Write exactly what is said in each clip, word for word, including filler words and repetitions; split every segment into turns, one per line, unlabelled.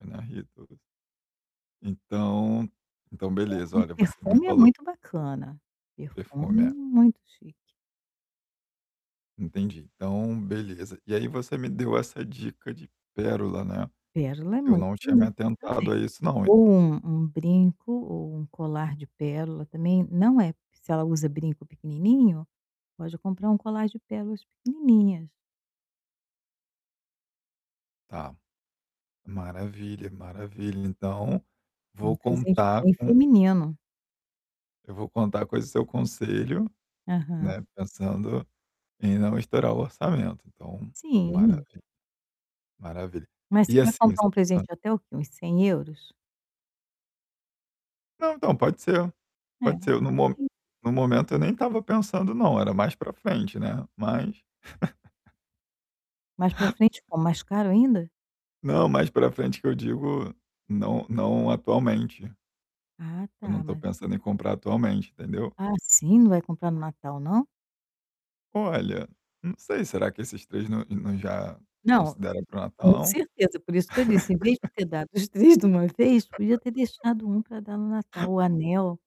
Eu narrei todas. Então então
É,
beleza,
um
olha, você me
perfume é
falou
muito bacana,
Perfume,
perfume
é.
muito chique.
Entendi, então, beleza. E aí você me deu essa dica de pérola, né.
Pérola é
Eu
muito
não tinha me
bonito também.
atentado a isso não, hein.
Ou um um brinco ou um colar de pérola também, não é, se ela usa brinco pequenininho, pode comprar um colar de pérolas pequenininhas.
Tá, maravilha, maravilha. Então,
É um
vou
presente
contar
bem
com
feminino.
eu vou contar com esse seu conselho,
Aham.
né, pensando em não estourar o orçamento, então,
Sim.
maravi maravilha.
Mas você
E
vai
assim
comprar um
hã?
presente até o quê? Uns cem euros?
Não, então, pode ser pode ser, no mo
[unintelligible]
no momento eu nem estava pensando não, era mais para frente né, mas
Mais para frente como? Mais caro ainda?
Não, mais para frente que eu digo não "não atualmente".
Ah,
Eu não
tá.
estou
Mas
pensando em comprar atualmente, entendeu?
Ah, sim, não vai comprar no Natal não?
Olha, não sei, será que esses três não não já
Não,
considera para o
com
Natal não?
certeza, por isso que eu disse, em vez de ter dado os três de uma vez, podia ter deixado um para dar no Natal, o anel.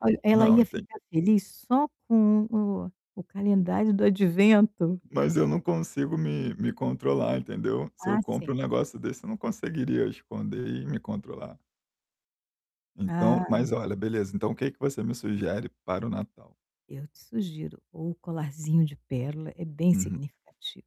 Olha, ela
Não,
ia
enten
ficar feliz só com o o calendário do advento.
Mas eu não consigo me me controlar, entendeu, se eu
Ah,
compro
sim.
um negócio desse, eu não conseguiria esconder e me controlar. Então,
Ah.
mas olha, beleza, então o que que você me sugere para o Natal?
Eu te sugiro, ou colarzinho de pérola, é bem
Uhum.
significativo.